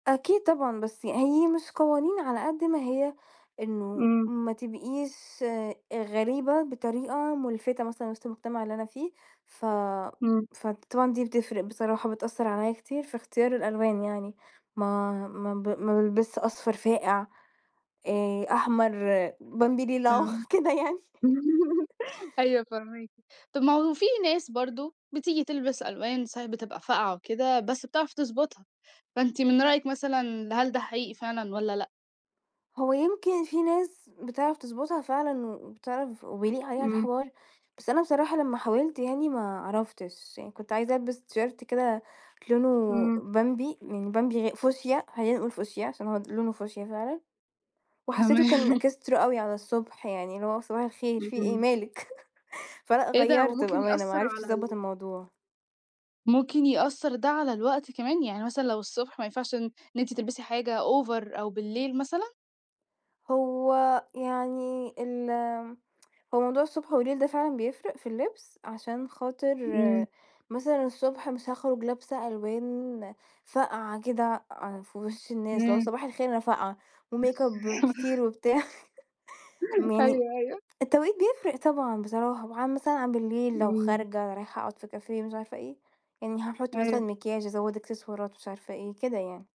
أكيد طبعًا بس ي هي مش قوانين على قدّ ما هي إنه إمم. ما تبقيش أ غريبة بطريقة مُلفِتة مثلًا وِسط المجتمع اللي أنا فيه، ف إمم. فطبعًا دي بتفْرِق بصراحة، بتأثّر عليَّ كتير في اختيار الألوان يعني، ما ما ب ما بالبسش أصفر فاقِع آآ، أحمر، بمبي ريلاه، فاهماكِ، كده يعني. أيوه فاهماكِ. طب ما هو في ناس برضه بتيجي تلبس ألوان صحيح بتبقى فاقْعة وكده، بس بتعرف تضبطها. فأنتِ من رأيِِك مثلًا هل ده حقيقي فعلًا والّا لأ؟ هو يمكن في ناس بتعرف تضبطها فعلًا و وبتعرف وبيليق عليها إمم. الحوار، بس أنا بصراحة لما حاولت يعني ما عَرفتش، يعني كنت عايزة البس تيشيرت كده لونه إمم. بمبي يعني بمبي غا فوشيا خلّينا نقول فوشيا عشان هو د لونه فوشيا فعلًا، وحسّيته كان تمام. إكسترا أوي على الصبح يعني، اللي هو صباح الخير في إيه اهم. مالِك؟ فلأ إيه ده هو غيّرت ممكن بأمانة ما يأثّر عرفتش على أضبّط ال الموضوع. ممكن يأثّر ده على الوقت كمان؟ يعني مثلًا لو الصبح ما ينفعش إن إن أنتِ تلْبسي حاجة over أو بالليل مثلًا؟ هو يعني ال هو موضوع الصبح والليل ده فعلًا بيفْرِق في اللبس، عشان خاطر إمم. مثلًا الصبح مش هاخرج لابسه ألوان فاقْعة كده أع في وِش الناس اللي هو إمم. صباح الخير أنا فاقْعة، وميك اب كتير وبتاع م يعني أيوه أيوه. التوقيت بيفْرِق طبعًا بصراحة، وعن مثلًا عن بالليل لو إمم. خارجة رايحة أقعُد في كافيه مش عارفة إيه يعني هاحط مثلًا أيوه. مكياج أزوّد إكسسوارات مش عارفة إيه كده يعني.